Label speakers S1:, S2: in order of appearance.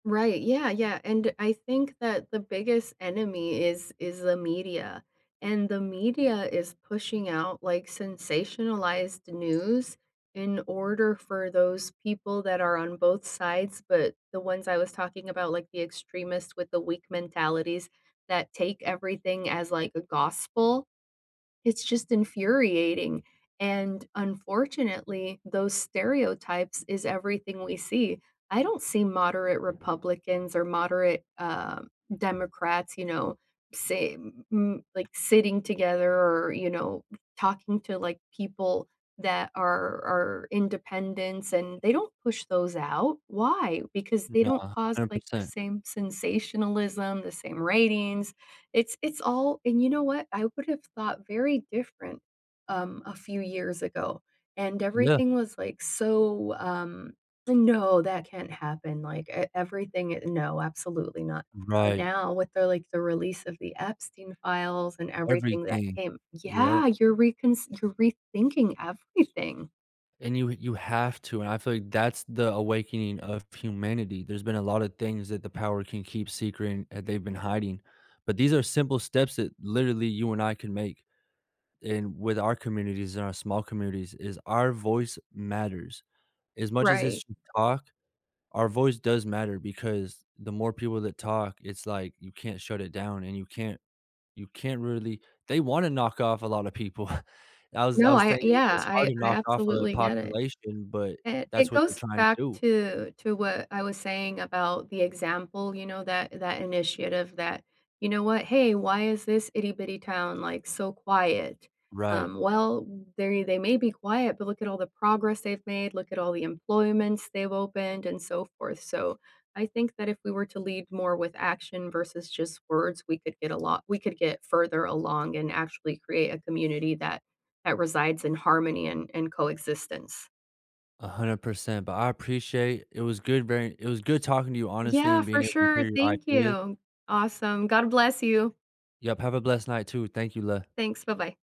S1: Right, yeah, yeah, and, I think that the biggest enemy is is the media. And, the media is pushing out, like, sensationalized news in order for those people that are on both sides, but, the ones I was talking about, like, the extremists with the weak mentalities, that take everything as, like, a gospel, it's just infuriating, and, unfortunately, those stereotypes is everything we see. I don't see moderate Republicans or moderate, um, Democrats, you know, say, m m like, sitting together, or, you know, talking to, like, people that are are independents, and they don't push those out, why? Because they
S2: No,
S1: don't
S2: a
S1: cause,
S2: hundred
S1: like, the
S2: percent.
S1: same sensationalism, the same ratings. It's it's all and, you know what? I would have thought very different, um, a few years ago, and
S2: Yeah.
S1: everything was, like, so, um, "No, that can't happen," like, e everything e "No, absolutely not." But
S2: Right.
S1: now, with the, like, the release of the Epstein files and everything that
S2: Everything,
S1: came
S2: yep.
S1: Yeah, you're reconsid you're re-thinking everything.
S2: And you you have to, and I feel like that's the awakening of humanity. There's been a lotta things that the power can keep secret, and that they've been hiding. But these are simple steps that literally you and I can make in with our communities, and our small communities, is our voice matters. As much as
S1: Right.
S2: it's you talk, our voice does matter, because the more people that talk, it's like, you can't shut it down, and you can't you can't really they wanna knock off a lotta people. I was I
S1: No,
S2: was
S1: I a
S2: saying,
S1: yeah,
S2: it's hard
S1: I
S2: to
S1: I
S2: knock off a
S1: absolutely get it.
S2: population, but
S1: It
S2: that's
S1: it
S2: what they're
S1: goes
S2: trying to
S1: back
S2: do.
S1: to to what I was saying about the example, you know, that that initiative that, "You know what, hey, why is this itty-bitty town, like, so quiet?"
S2: Right.
S1: Um, well, they they may be quiet, but look at all the progress they've made, look at all the employments they've opened, and so forth, so, I think that if we were to lead more with action versus just words, we could get a lot we could get further along, and actually create a community that that resides in harmony and and coexistence.
S2: 100%. But I appreciate. It was good very it was good talking to you, honestly,
S1: Yeah,
S2: and being
S1: for
S2: able to hear
S1: sure,
S2: your
S1: thank
S2: ideas.
S1: you. Awesome. God bless you.
S2: Yep, have a blessed night, too. Thank you, le
S1: Thanks, bye-bye.